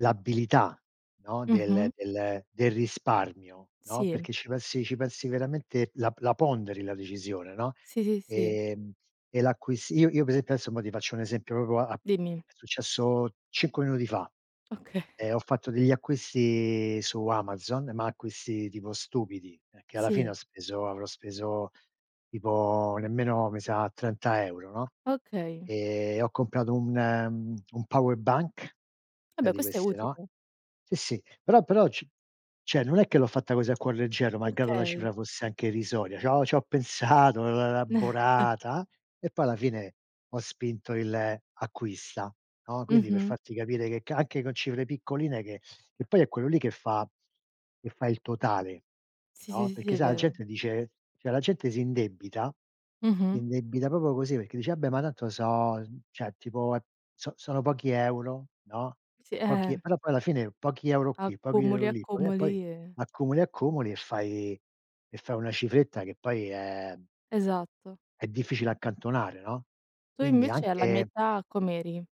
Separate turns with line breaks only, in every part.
L'abilità, no, del
Mh-mh.
del del risparmio, no.
Sì.
Perché ci pensi ci pensi veramente la la ponderi la decisione, no,
Sì, sì, sì.
ehm, e l'acquisti. Io io pe esempio adesso mo ti faccio un esempio proprio a a
Dimmi.
è successo 5 minuti fa.
Okay.
Eh, ho fatto degli acquisti su Amazon, ma acquisti tipo stupidi, perché alla fine ho
Sì.
speso avrò speso tipo nemmeno mi sa, 30 € no,
Okay.
e ho comprato un mhmm, un power bank,
Ah
sai
beh,
di
questo è
queste no.
utile.
Sì, sì. Però però ci cioè, non è che l'ho fatta così a cuor leggero, malgrado la
Okay.
cifra fosse anche irrisoria. C'ho c'ho pensato, l'ho elaborata, e poi alla fine ho spinto il acquista, no; quindi per
Mh-mh.
farti capire che ca anche con cifre piccoline che e poi è quello lì che fa che fa il totale,
Sì, sì,
no;
sì, sì,
perché
è
sa la
vero.
gente dice cioè la gente si indebita,
Mh-mh.
indebita proprio così perché dice: "Vabbè, ma tanto so uhm, cioè tipo è so sono pochi euro." no,
Sì,
"Pochi"
eh-eh.
però poi alla fine pochi euro qui, pochi euro
Accumuli,
lì, poi eh, poi
accumuli e
accumuli accumuli e fai e fai una cifretta che poi è
Esatto.
è difficile accantonare, no.
Tu
Quindi
invece alla mia
anche
età com'eri?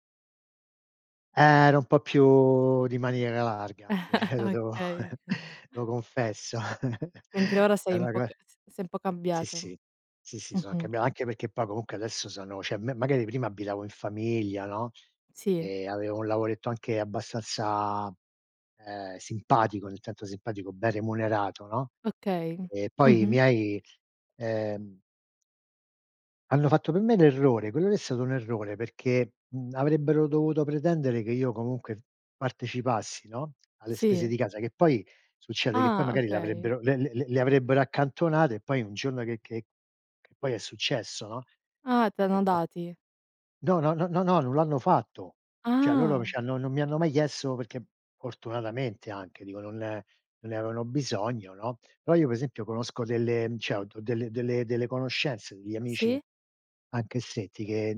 Eh, ero un po' più di maniera larga, sì, lo devo
Okay.
lo confesso
Mentre ora sei un
[unintelligible]
po' c s sei un po'
Sì,
cambiato.
sì. Sì, sì, sono anche
Mh-mh.
brav anche perché poi comunque adesso sono cioè, me magari prima abitavo in famiglia no,
Sì.
e avevo un lavoretto anche abbastanza, ehm, simpatico, nel senso simpatico, ben remunerato, no.
Okay,
E
mh.
poi i
Mh-mh.
miei, ehm hanno fatto per me l'errore quello lì è stato un errore, perché, mhmm, avrebbero dovuto pretendere che io comunque partecipassi, no, alle spese
Sì.
di casa, che poi succede che poi
Ah,
magari
okay.
l'avrebbero le le le le avrebbero accantonate e poi un giorno che che che poi è successo, no.
Ah, t'hanno
Ecco.
dati.
No, no, no, no, no, non l'hanno fatto. Cioè, loro mi
Ah.
ci hanno non mi hanno mai chiesto perché fortunatamente anche, dico, non non ne avevano bisogno, no; però io pe esempio conosco delle mhmm, cioè ho do delle delle delle conoscenze, degli amici
Sì.
anche se ti che